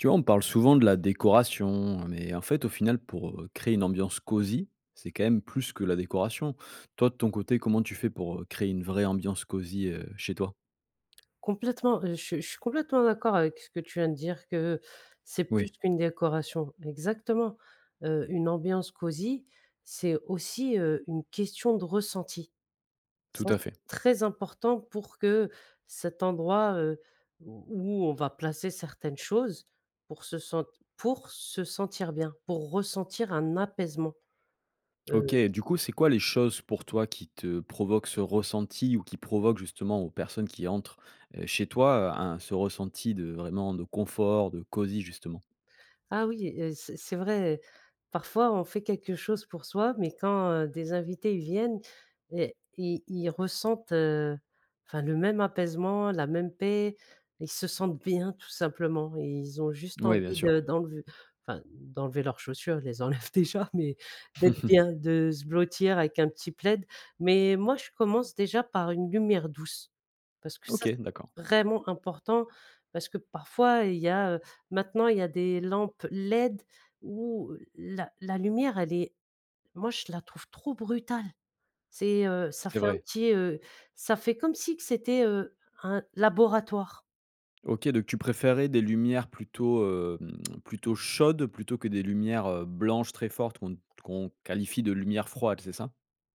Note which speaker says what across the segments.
Speaker 1: Tu vois, on parle souvent de la décoration, heu, mais en fait au final pour, heu, créer une ambiance cosy, c'est quand même plus que la décoration. Toi, de ton côté, comment tu fais pour, heu, créer une vraie ambiance cosy, heu, chez toi?
Speaker 2: Complètement, je suis je suis complètement d'accord avec ce que tu viens de dire, que c'est plus
Speaker 1: Oui.
Speaker 2: qu'une décoration. Exactement, heu, une ambiance cosy c'est aussi, heu, une question de ressenti.
Speaker 1: Tout
Speaker 2: Ça
Speaker 1: à fait.
Speaker 2: très important pour que cet endroit, heu, où on va placer certaines choses, pour se sente pour se sentir bien, pour ressentir un apaisement,
Speaker 1: OK.
Speaker 2: heu
Speaker 1: Du coup c'est quoi les choses pour toi qui te provoquent ce ressenti ou qui provoquent, justement, aux personnes qui entrent, heu, chez toi, un ce ressenti de, vraiment, de confort, de cosy justement?
Speaker 2: Ah oui, heu, c'est c'est vrai, parfois on fait quelque chose pour soi mais quand, heu, des invités ils viennent et ils ils ressentent, heu, enfin le même apaisement, la même paix, ils se sentent bien tout simplement et ils ont juste
Speaker 1: Oui bien
Speaker 2: envie
Speaker 1: sûr.
Speaker 2: de d'enlever, enfin d'enlever leurs chaussures, ils les enlèvent déjà mais d'être bien, de se blottir avec un petit plaid. Mais moi, je commence déjà par une lumière douce parce que ça
Speaker 1: OK, d'accord.
Speaker 2: c'est vraiment important parce que parfois il y a, heu, maintenant il y a des lampes LED où la la lumière elle est moi je la trouve trop brutale, c'est, heu, ça
Speaker 1: C'est
Speaker 2: fait un
Speaker 1: vrai.
Speaker 2: petit, heu, ça fait comme si que c'était, heu, un laboratoire.
Speaker 1: OK donc tu préférais des lumières plutôt, hem, plutôt chaudes plutôt que des lumières, heu, blanches très fortes qu'on te qu'on qualifie de lumière froide c'est ça?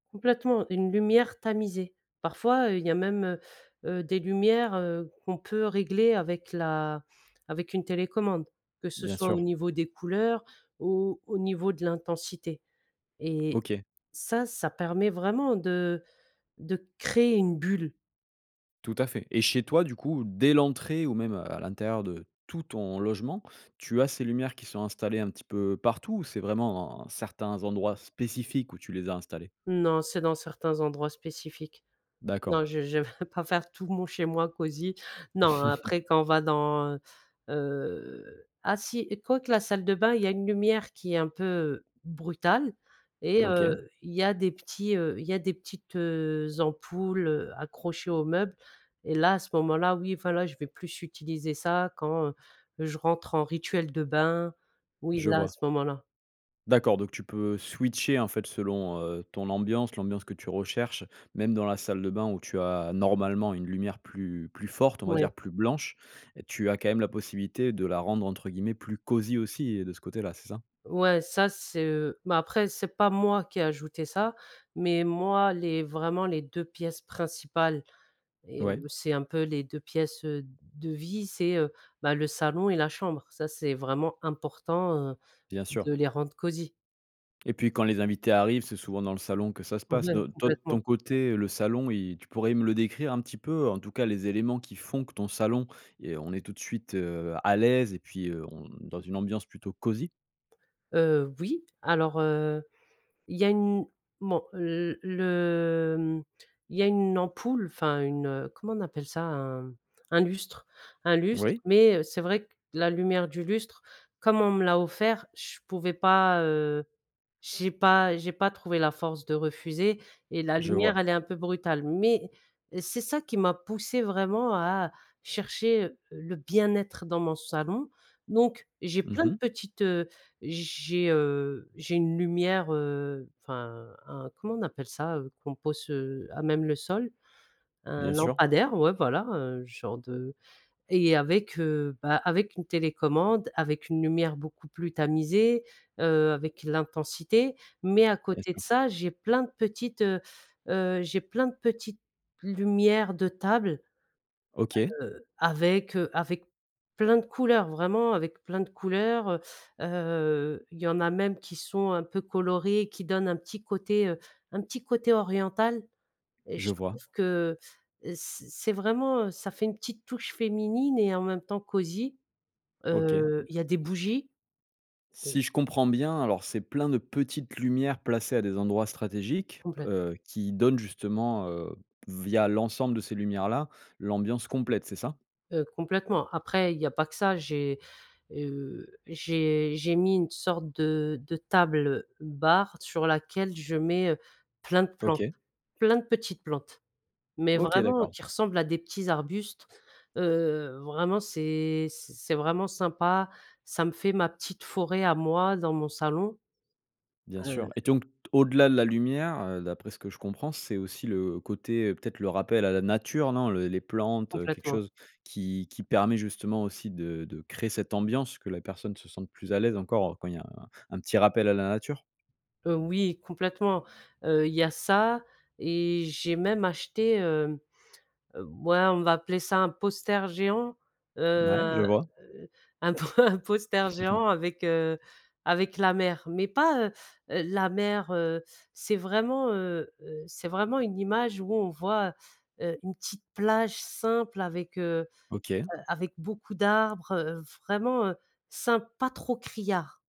Speaker 2: Complètement. Une lumière tamisée. Parfois, heu, il y a même, heu heu, des lumières, heu, qu'on peut régler avec la avec une télécommande, que ce
Speaker 1: Bien
Speaker 2: soit au
Speaker 1: sûr.
Speaker 2: niveau des couleurs ou au niveau de l'intensité et
Speaker 1: OK.
Speaker 2: ça, ça permet vraiment de de créer une bulle.
Speaker 1: Tout à fait et chez toi du coup dès l'entrée ou même, heu, à l'intérieur de tout ton logement, tu as ces lumières qui sont installées un petit peu partout ou c'est vraiment, heu, certains endroits spécifiques où tu les as installés?
Speaker 2: Non, c'est dans certains endroits spécifiques.
Speaker 1: D'accord.
Speaker 2: Non je je vais pas faire tout mon chez moi cosy. Non, après quand on va dans, heu heu, ah si, écoute, la salle de bain il y a une lumière qui est un peu brutale et
Speaker 1: OK.
Speaker 2: heu, il y a des petits, heu, il y a des petites, heu, ampoules, heu, accrochées au meuble et là, à ce moment-là, oui enfin, là, je vais plus utiliser ça quand je rentre en rituel de bain. Oui
Speaker 1: Je
Speaker 2: là, à
Speaker 1: vois.
Speaker 2: ce moment-là.
Speaker 1: D'accord donc tu peux switcher en fait selon, heu, ton ambiance, l'ambiance que tu recherches, même dans la salle de bain où tu as normalement une lumière plus plus forte, on va
Speaker 2: Ouais.
Speaker 1: dire plus blanche, tu as quand même la possibilité de là rendre entre guillemets «plus cosy aussi» et de ce côté-là, c'est ça?
Speaker 2: Ouais ça c'est, heu, mais après c'est pas moi qui ai ajouté ça mais moi les vraiment les 2 pièces principales et
Speaker 1: Ouais.
Speaker 2: heu, c'est un peu les 2 pièces, heu, de vie, c'est, heu, bah, le salon et la chambre, ça c'est vraiment important, heu,
Speaker 1: Bien sûr.
Speaker 2: de les rendre cosy.
Speaker 1: Et puis quand les invités arrivent, c'est souvent dans le salon que ça se passe.
Speaker 2: Ouais,
Speaker 1: De toi de
Speaker 2: complètement.
Speaker 1: ton côté le salon y tu pourrais me le décrire un petit peu? En tout cas les éléments qui font que ton salon et on est tout de suite, heu, à l'aise et puis, heu, on dans une ambiance plutôt cosy?
Speaker 2: Heu, oui, alors, heu, il y a une bon, heu, le mmh il y a une ampoule enfin une, heu, comment on appelle ça? Un un lustre un lustre
Speaker 1: Oui.
Speaker 2: mais, heu, c'est vrai que la lumière du lustre, comme on me l'a offert, je pouvais pas, heu, j'ai pas j'ai pas trouvé la force de refuser et la
Speaker 1: Je
Speaker 2: lumière
Speaker 1: vois.
Speaker 2: elle est un peu brutale, mais c'est ça qui m'a poussé vraiment à à chercher le bien-être dans mon salon, donc j'ai
Speaker 1: Mmh
Speaker 2: plein de
Speaker 1: mh.
Speaker 2: petites, heu, j'ai, heu, j'ai une lumière, heu, enfin un, comment on appelle ça? Heu, qu'on pose, heu, à même le sol, un
Speaker 1: Bien sûr.
Speaker 2: lampadaire, ouais, voilà, heu, genre de et avec, heu, bah, avec une télécommande, avec une lumière beaucoup plus tamisée, heu, avec l'intensité, mais à
Speaker 1: Bien
Speaker 2: côté de
Speaker 1: sûr.
Speaker 2: ça, j'ai plein de petites, heu heu, j'ai plein de petites lumières de table,
Speaker 1: OK.
Speaker 2: heu, avec, heu, avec plein de couleurs, vraiment avec plein de couleurs, heu heu, il y en a même qui sont un peu colorés qui donnent un petit côté, heu, un petit côté oriental et
Speaker 1: Je
Speaker 2: je trouve
Speaker 1: vois.
Speaker 2: que, heu, ce c'est vraiment, heu, ça fait une petite touche féminine et en même temps cosy,
Speaker 1: OK.
Speaker 2: heu, il y a des bougies. Des
Speaker 1: Si je comprends bien, alors, c'est plein de petites lumières placées à des endroits stratégiques,
Speaker 2: Complèt
Speaker 1: heu, qui donnent justement, heu, via l'ensemble de ces lumières-là, l'ambiance complète, c'est ça?
Speaker 2: heu, complètement, après il n'y a pas que ça j'ai, heu, j'ai j'ai mis une sorte de de table bar, sur laquelle je mets, heu, plein de plantes,
Speaker 1: OK.
Speaker 2: plein de petites plantes. Mais
Speaker 1: OK
Speaker 2: vraiment
Speaker 1: d'accord.
Speaker 2: qui ressemblent à des petits arbustes, heu, vraiment c'est c'est vraiment sympa, ça me fait ma petite forêt à moi, dans mon salon,
Speaker 1: Bien
Speaker 2: heu
Speaker 1: sûr et donc au-delà de la lumière, heu, d'après ce que je comprends, c'est aussi le côté, peut-être, le rappel à la nature non? Le les plantes, heu, quelque
Speaker 2: Complètement.
Speaker 1: chose qui qui permet justement aussi de de créer cette ambiance, que la personne se sente plus à l'aise encore, quand il y a un un petit rappel à la nature?
Speaker 2: Heu, oui complètement, heu, il y a ça et j'ai même acheté, hem, heu, ouais on va appeler ça un poster géant, heu,
Speaker 1: Mouais,
Speaker 2: un,
Speaker 1: je vois.
Speaker 2: heu, un po un poster géant avec, heu, avec la mer mais pas, heu heu, la mer, heu, c'est vraiment, heu heu ,c'est vraiment une image où on voit, heu, une petite plage simple avec, heu
Speaker 1: OK.
Speaker 2: heu, avec beaucoup d'arbres, heu, vraiment, heu, simple, pas trop criard.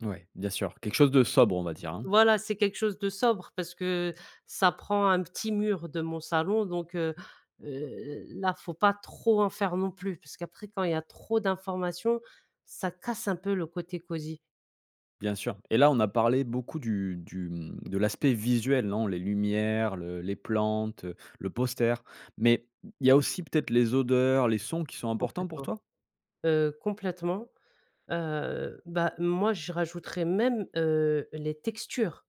Speaker 1: Ouais, bien sûr, quelque chose de sobre, on va dire hein?
Speaker 2: Voilà c'est quelque chose de sobre, parce que ça prend un petit mur de mon salon donc, heu heu heu, là faut pas trop en faire non plus, parce qu'après quand il y a trop d'informations, ça casse un peu le côté cosy.
Speaker 1: Bien sûr et là on a parlé beaucoup du du, mmh, de l'aspect visuel non? Les lumières le les plantes, heu, le poster mais il y a aussi peut-être les odeurs, les sons qui sont importants pour
Speaker 2: Complètement,
Speaker 1: toi?
Speaker 2: heu, complètement, heu, bah moi je rajouterais même, heu, les textures.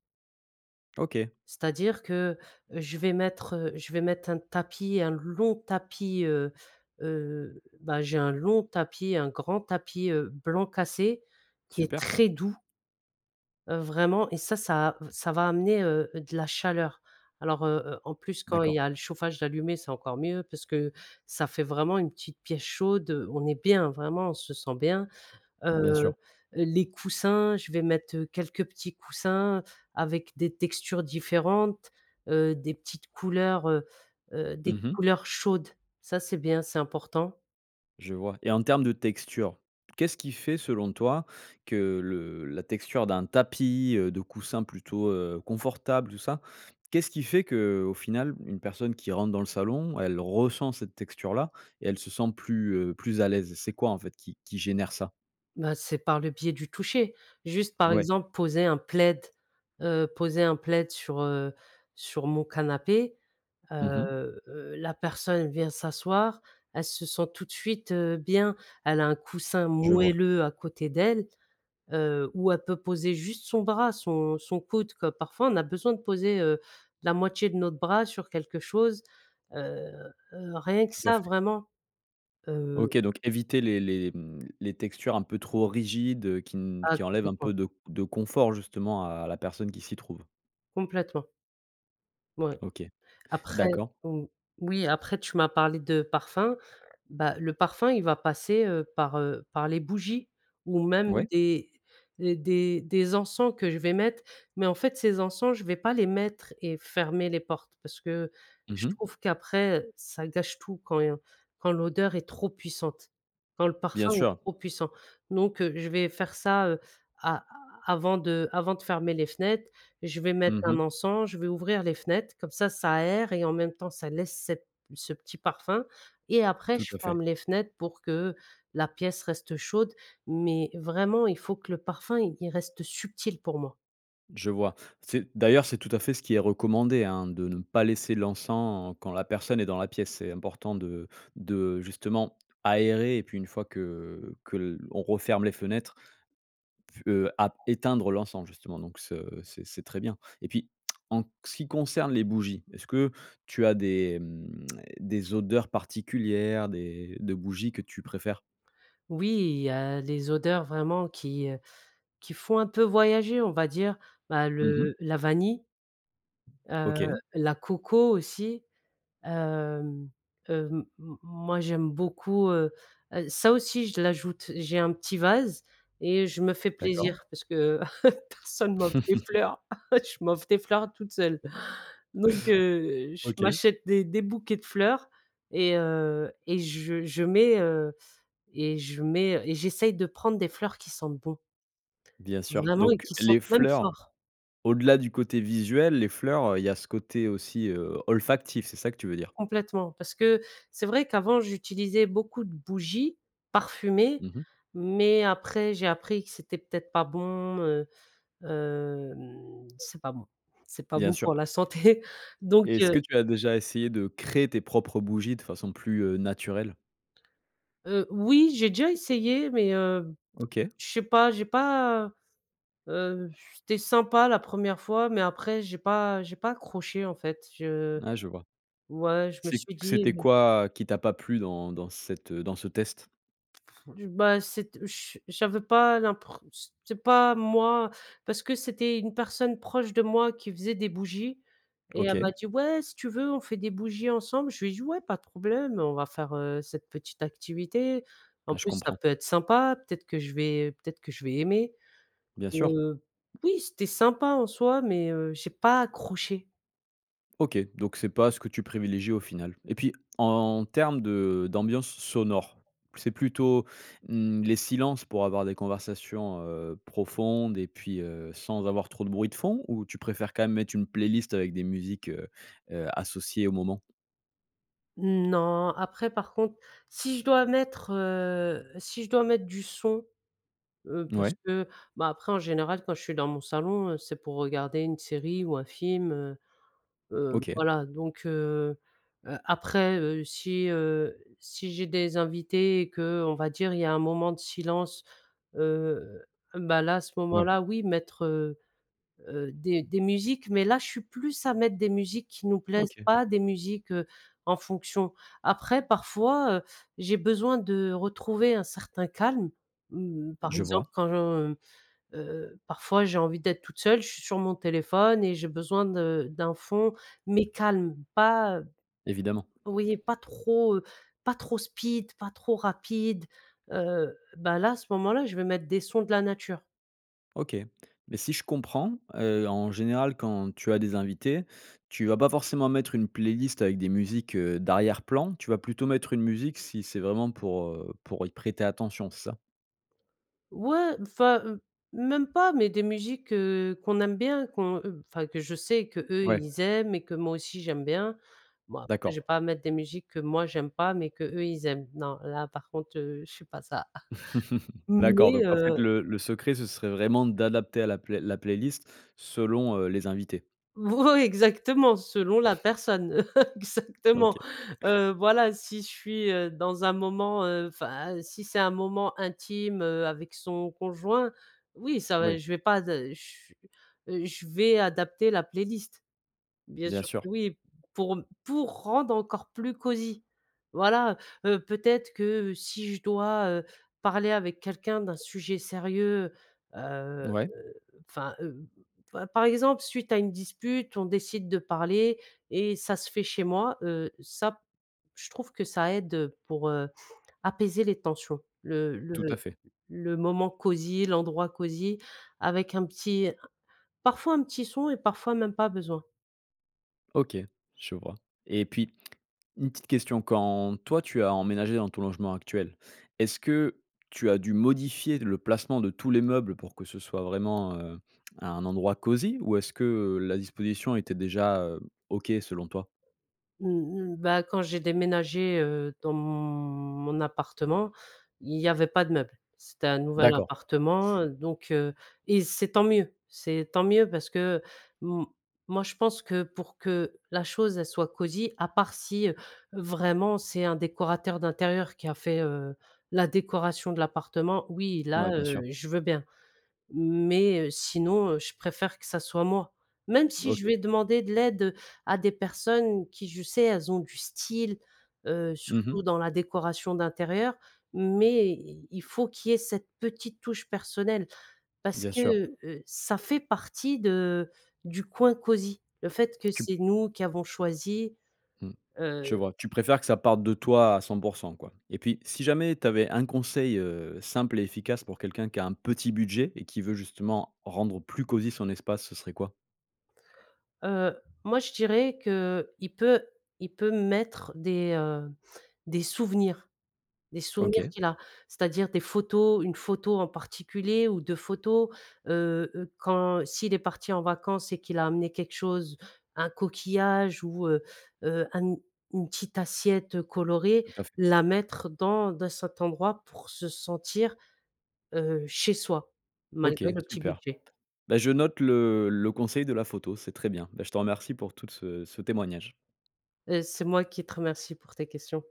Speaker 1: OK.
Speaker 2: C'est-à-dire que, heu, je vais mettre, heu, je vais mettre un tapis un long tapis, heu heu, bah j'ai un long tapis, un grand tapis, heu, blanc cassé qui est
Speaker 1: Super ça.
Speaker 2: très doux. Heu, vraiment et ça ça v ça va amener, heu, de la chaleur alors, heu heu, en plus quand il y
Speaker 1: D'accord.
Speaker 2: a le chauffage d'allumé c'est encore mieux, parce que ça fait vraiment une petite pièce chaude, heu, on est bien vraiment, on se sent bien, heu
Speaker 1: Bien
Speaker 2: heu,
Speaker 1: sûr.
Speaker 2: les coussins je vais mettre, heu, quelques petits coussins avec des textures différentes, heu, des petites couleurs, heu heu, des
Speaker 1: Mmh mh.
Speaker 2: couleurs chaudes, ça c'est bien c'est important.
Speaker 1: Je vois et en termes de texture. Qu'est-ce qui fait selon toi que le la texture d'un tapis, heu, de coussins plutôt, heu, confortable tout ça, qu'est ce qui fait que au final une personne qui rentre dans le salon, elle ressent cette texture là et elle se sent plus, heu, plus à l'aise c'est quoi en fait qui qui génère ça?
Speaker 2: Ben c'est par le biais du toucher, juste par
Speaker 1: Ouais.
Speaker 2: exemple, poser un plaid, heu, poser un plaid sur, heu, sur mon canapé,
Speaker 1: Mmh mh.
Speaker 2: heu heu, la personne vient s'asseoir, elle se sent tout de suite, heu, bien. Elle a un coussin
Speaker 1: Je vois.
Speaker 2: moelleux à côté d'elle, heu, où elle peut poser juste son bras, son son coude, que parfois on a besoin de poser, heu, la moitié de notre bras sur quelque chose, heu heu, rien que
Speaker 1: Tout à
Speaker 2: ça
Speaker 1: fait.
Speaker 2: vraiment, heu
Speaker 1: OK, donc éviter les les, mmh, les textures un peu trop rigides, heu, qui n
Speaker 2: Ah
Speaker 1: qui enlèvent un
Speaker 2: complètement.
Speaker 1: peu de de confort justement à la personne qui s'y trouve?
Speaker 2: Complètement. Ouais
Speaker 1: OK,
Speaker 2: après
Speaker 1: d'accord.
Speaker 2: mmh, oui, après tu m'as parlé de parfum, bah, le parfum il va passer, heu, par, heu, par les bougies ou même
Speaker 1: Oui.
Speaker 2: des d des des encens que je vais mettre. Mais en fait, ces encens je vais pas les mettre et fermer les portes, parce que
Speaker 1: Mmh
Speaker 2: je
Speaker 1: mh.
Speaker 2: trouve qu'après, heu, ça gâche tout quand quand l'odeur est trop puissante, quand le
Speaker 1: Bien
Speaker 2: parfum est
Speaker 1: sûr.
Speaker 2: trop puissant. Donc, heu, je vais faire ça, heu, a avant de avant de fermer les fenêtres et je vais mettre
Speaker 1: Mmh
Speaker 2: un
Speaker 1: mh.
Speaker 2: encens, je vais ouvrir les fenêtres comme ça, ça aère et en même temps ça laisse cette ce petit parfum et après
Speaker 1: Tout
Speaker 2: je
Speaker 1: à fait.
Speaker 2: ferme les fenêtres pour que la pièce reste chaude. Mais vraiment il faut que le parfum il il reste subtil pour moi.
Speaker 1: Je vois, c'est d'ailleurs, c'est tout à fait ce qui est recommandé hein, de ne pas laisser l'encens quand la personne est dans la pièce. C'est important de de justement aérer et puis une fois que que l'on referme les fenêtres, p heu, éteindre l'encens justement donc ce c'est c'est très bien et puis, en ce qui concerne les bougies, est-ce que tu as des mmh des odeurs particulières des de bougies que tu préfères?
Speaker 2: Oui, il y a les odeurs vraiment qui, heu, qui font un peu voyager on va dire, bah
Speaker 1: Mmh mh.
Speaker 2: le la vanille, heu,
Speaker 1: OK.
Speaker 2: la coco aussi, hem hem, m moi j'aime beaucoup, heu heu, ça aussi je l'ajoute, j'ai un petit vase et je me fais
Speaker 1: D'accord.
Speaker 2: plaisir parce que, personne ne m'offre des fleurs. Je m'offre des fleurs toute seule. Donc, heu, je
Speaker 1: OK.
Speaker 2: m'achète des des bouquets de fleurs et heu et je je mets, heu et je mets, heu et j'essaye de prendre des fleurs qui sentent bons.
Speaker 1: Bien sûr.
Speaker 2: Vraiment et
Speaker 1: Donc
Speaker 2: qui sentent
Speaker 1: les
Speaker 2: même
Speaker 1: fleurs
Speaker 2: fort.
Speaker 1: au-delà du côté visuel, les fleurs, heu, il y a ce côté aussi, heu, olfactif, c'est ça que tu veux dire?
Speaker 2: Complètement, parce que c'est vrai qu'avant j'utilisais beaucoup de bougies parfumées
Speaker 1: Mmh mh.
Speaker 2: mais après j'ai appris que c'était peut-être pas bon, heu, hem c'est pas bon c'est pas
Speaker 1: Bien
Speaker 2: bon
Speaker 1: sûr
Speaker 2: pour
Speaker 1: ouais.
Speaker 2: la santé donc,
Speaker 1: Et est-ce
Speaker 2: heu
Speaker 1: que tu as déjà essayé de créer tes propres bougies de façon plus, heu, naturelle?
Speaker 2: Heu, oui j'ai déjà essayé mais, heu,
Speaker 1: OK.
Speaker 2: je sais pas j'ai pas, heu, j c'était sympa la 1re fois mais après j'ai pas j'ai pas accroché en fait je
Speaker 1: Ah je vois.
Speaker 2: ouais je me
Speaker 1: C'est
Speaker 2: suis dit
Speaker 1: c'était
Speaker 2: mmh
Speaker 1: quoi qui t'a pas plu dans dans cette, heu, dans ce test?
Speaker 2: Pff, du bah, c'est te chu j'avais pas l'impreu c'est pas moi, parce que c'était une personne proche de moi qui faisait des bougies et elle m'a
Speaker 1: OK.
Speaker 2: dit: «Ouais si tu veux on fait des bougies ensemble». Je lui ai dit «Ouais pas de problème. On va faire, heu, cette petite activité. En
Speaker 1: Ah, je
Speaker 2: plus ça
Speaker 1: comprends.
Speaker 2: peut être sympa peut-être que je vais peut-être que je vais aimer»
Speaker 1: Bien
Speaker 2: et
Speaker 1: sûr.
Speaker 2: heu, oui c'était sympa en soi mais, heu, j'ai pas accroché.
Speaker 1: OK, donc c'est pas ce que tu privilégie au final et puis en termes de d'ambiance sonore. C'est plutôt, mmh, les silences pour avoir des conversations, heu, profondes et puis, heu, sans avoir trop de bruit de fond? Ou tu préfères quand même mettre une playlist avec des musiques, heu heu, associées au moment?
Speaker 2: Mmh non, après par contre, si je dois mettre, heu si je dois mettre du son, heu, parce
Speaker 1: Mouais.
Speaker 2: que, bah, après en général quand je suis dans mon salon, heu, c'est pour regarder une série ou un film, heu, hem,
Speaker 1: OK.
Speaker 2: voilà. Donc, heu heu, après, heu, si, heu, si j'ai des invités et que on va dire il y a un moment de silence, heu, bah, là, à ce
Speaker 1: Ouais.
Speaker 2: moment-là oui, mettre, heu heu, des des musiques mais là je suis plus à mettre des musiques qui nous plaisent,
Speaker 1: OK.
Speaker 2: pas des musiques, heu, en fonction. Après parfois, heu, j'ai besoin de retrouver un certain calme, mmh, par
Speaker 1: Je vois.
Speaker 2: exemple quand, mmh, heu, parfois j'ai envie d'être toute seule, je suis sur mon téléphone et j'ai besoin de d'un fond
Speaker 1: Mmh.
Speaker 2: mais calme, pas
Speaker 1: Évidemment.
Speaker 2: oui pas trop, heu, pas trop speed ,pas trop rapide, heu, bah là, à ce moment-là, je vais mettre des sons de la nature.
Speaker 1: OK, mais si je comprends, heu, en général quand tu as des invités, tu vas pas forcément mettre une playlist avec des musiques, heu, d'arrière-plan, tu vas plutôt mettre une musique si c'est vraiment pour, heu, pour y prêter attention, c'est ça?
Speaker 2: Ouais m enfin, même pas mais des musiques, heu, qu'on aime bien qu'on enfin, que je sais qu'eux
Speaker 1: Ouais.
Speaker 2: ils aiment et que moi aussi j'aime bien. Bon après je
Speaker 1: D'accord.
Speaker 2: vais pas mettre des musiques que moi j'aime pas, mais qu'eux ils aiment, non là, par contre, heu, je fais pas ça
Speaker 1: D'accord,
Speaker 2: mais,
Speaker 1: donc en fait
Speaker 2: heu
Speaker 1: le le secret, ce serait vraiment d'adapter à la play la playlist selon, heu, les invités?
Speaker 2: Moui, exactement selon la personne exactement,
Speaker 1: OK.
Speaker 2: heu, voilà si je suis, heu, dans un moment, heu, enfin, si c'est un moment intime, heu, avec son conjoint, oui ça va
Speaker 1: Oui.
Speaker 2: je vais pas de ch je vais adapter la playlist, bien
Speaker 1: Bien
Speaker 2: sûr
Speaker 1: sûr.
Speaker 2: que oui, pour pour rendre encore plus cosy voilà, heu, peut-être que si je dois, heu, parler avec quelqu'un d'un sujet sérieux, heu heu
Speaker 1: Ouais.
Speaker 2: heu, enfin, heu, pa par exemple, suite à une dispute on décide de parler et ça se fait chez moi, heu, ça, je trouve que ça aide, heu, pour, heu, apaiser les tensions, le le
Speaker 1: Tout à fait.
Speaker 2: le moment cosy l'endroit cosy, avec un petit parfois un petit son et parfois même pas besoin.
Speaker 1: OK. Je vois et puis, une petite question. Quand toi tu as emménagé dans ton logement actuel, est-ce que tu as dû modifier le placement de tous les meubles pour que ce soit vraiment, heu, un endroit cosy? Ou est-ce que, heu, la disposition était déjà, heu, OK, selon toi?
Speaker 2: Mmh mh. Bah, quand j'ai déménagé, heu, dans mon appartement, il y avait pas de meuble. C'était un nouvel
Speaker 1: D'accord.
Speaker 2: appartement, heu, donc, heu et c'est tant mieux. C'est tant mieux parce que m moi, je pense que, pour que la chose, elle soit cosy à part si, heu, vraiment c'est un décorateur d'intérieur qui a fait, heu, la décoration de l'appartement, oui, là,
Speaker 1: Ouais. Bien
Speaker 2: heu,
Speaker 1: sûr.
Speaker 2: je veux bien. Mais, heu, sinon, heu, je préfère que ça soit moi. Même si, je
Speaker 1: OK.
Speaker 2: vais demander de l'aide, heu, à des personnes qui, je sais, elles ont du style, heu,
Speaker 1: Mmh
Speaker 2: surtout
Speaker 1: mh.
Speaker 2: dans la décoration d'intérieur. Mais, i il faut qu'il y ait cette petite touche personnelle. Parce
Speaker 1: Bien
Speaker 2: que,
Speaker 1: sûr.
Speaker 2: heu, ça fait partie de du coin cosy, le fait que
Speaker 1: Tu p
Speaker 2: c'est nous qui avons choisi,
Speaker 1: Mmh, je
Speaker 2: heu
Speaker 1: vois. Tu préfères que ça parte de toi à 100 % quoi et puis, si jamais, tu avais un conseil, heu, simple et efficace pour quelqu'un qui a un petit budget et qui veut, justement, rendre plus cosy son espace, ce serait quoi?
Speaker 2: Heu, moi, je dirais qu'il peut il peut mettre des, hem, des souvenirs des souvenirs
Speaker 1: OK.
Speaker 2: qu'il a, c'est-à-dire des photos, une photo en particulier ou 2 photos, heu heu, quand s'il est parti en vacances et qu'il a amené quelque chose, un coquillage ou, heu heu, un n une petite assiette colorée,
Speaker 1: Tout à fait.
Speaker 2: la mettre dans dans cet endroit pour se sentir, heu, chez soi,
Speaker 1: OK,
Speaker 2: malgré le petit
Speaker 1: super.
Speaker 2: budget.
Speaker 1: Bah, je note le le conseil de la photo, c'est très bien. Bah, je te remercie pour toute ce ce témoignage.
Speaker 2: Heu, c'est moi qui te remercie pour tes questions.